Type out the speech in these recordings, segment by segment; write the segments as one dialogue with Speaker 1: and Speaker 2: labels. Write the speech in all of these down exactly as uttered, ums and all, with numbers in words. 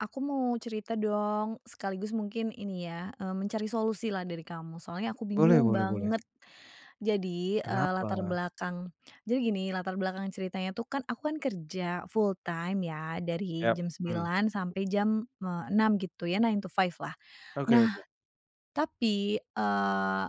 Speaker 1: Aku mau cerita dong. Sekaligus mungkin ini ya, mmm, mencari solusi lah dari kamu. Soalnya aku
Speaker 2: Boleh
Speaker 1: bingung
Speaker 2: boleh boleh.
Speaker 1: banget. Jadi, eee, latar
Speaker 2: Kenapa?
Speaker 1: belakang jadi gini latar belakang ceritanya tuh kan aku kan kerja, full time ya, dari
Speaker 2: Yap,
Speaker 1: jam
Speaker 2: mmm.
Speaker 1: sembilan sampai jam, eee, enam, gitu ya, nine-to-five lah.
Speaker 2: Oke oke.
Speaker 1: Nah, tapi, eee,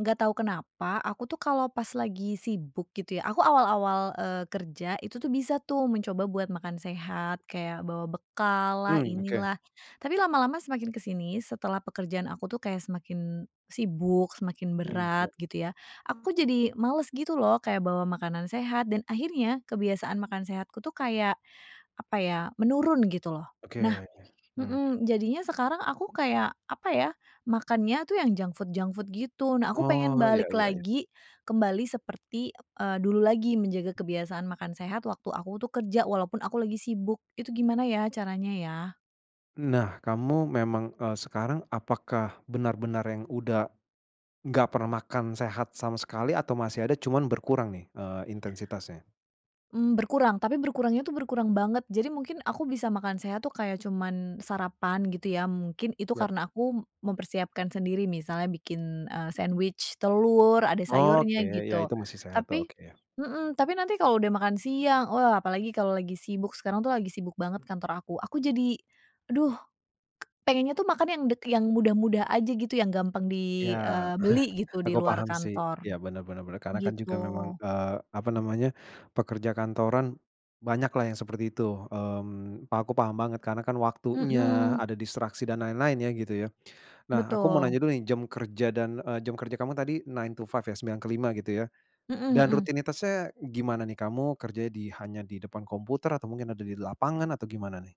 Speaker 1: nggak tau kenapa, aku tuh kalau pas lagi sibuk, gitu ya, aku awal-awal, eee, kerja itu tuh, bisa tuh mencoba buat makan sehat kayak bawa bekal lah,
Speaker 2: Mmm, oke.
Speaker 1: inilah, tapi lama-lama semakin ke sini, setelah pekerjaan aku tuh kayak semakin sibuk, semakin
Speaker 2: Mmm,
Speaker 1: berat,
Speaker 2: ya.
Speaker 1: gitu ya, aku jadi males gitu lho kayak bawa makanan sehat, dan akhirnya kebiasaan makan sehatku tuh kayak, apa ya, menurun, gitu lho. Nah
Speaker 2: Oke, mmm.
Speaker 1: mhm, jadinya sekarang aku kayak, apa ya, makannya tuh yang junk food junk food, gitu. Nah, aku pengen
Speaker 2: Oh, ya
Speaker 1: balik
Speaker 2: ya ya.
Speaker 1: lagi kembali seperti, eee, dulu lagi menjaga kebiasaan makan sehat waktu aku tuh kerja walaupun aku lagi sibuk. Itu gimana ya, caranya ya?
Speaker 2: Nah, kamu memang, eee, sekarang apakah benar-benar yang udah nggak pernah makan sehat sama sekali, atau masih ada, cuman berkurang nih, eee, intensitasnya?
Speaker 1: Mmm, berkurang. Tapi berkurangnya itu berkurang banget. Jadi mungkin aku bisa makan sehat tuh kayak cuman sarapan, gitu ya, mungkin. Itu
Speaker 2: Ya.
Speaker 1: karena aku mempersiapkan sendiri, misalnya bikin, eee, sandwich telur, ada
Speaker 2: Oke,
Speaker 1: sayurnya,
Speaker 2: ya
Speaker 1: gitu.
Speaker 2: itu masih sehat.
Speaker 1: Tapi
Speaker 2: Oke.
Speaker 1: mhm, tapi nanti kalau udah makan siang, oh apalagi kalau lagi sibuk, sekarang tuh lagi sibuk banget kantor aku, aku jadi, aduh pengennya tuh makan yang dek yang mudah-mudah aja gitu, yang gampang di,
Speaker 2: Ya,
Speaker 1: eee, beli gitu, di
Speaker 2: aku
Speaker 1: luar
Speaker 2: paham sih.
Speaker 1: kantor,
Speaker 2: Ya, benar benar benar. Karena kan
Speaker 1: gitu.
Speaker 2: juga memang, eee, apa namanya, pekerja kantoran, banyaklah yang seperti itu. Mmm, pa aku paham banget karena kan waktunya,
Speaker 1: Mhm.
Speaker 2: ada distraksi, dan lain-lain ya, gitu ya. Nah, aku mau
Speaker 1: Betul.
Speaker 2: nanya dulu nih jam kerja dan, eee, jam kerja kamu tadi nine-to-five ya, sembilan ke lima, gitu ya.
Speaker 1: Mhm
Speaker 2: Dan
Speaker 1: mhm.
Speaker 2: rutinitasnya gimana nih? Kamu kerja di hanya di depan komputer atau mungkin ada di lapangan, atau gimana nih?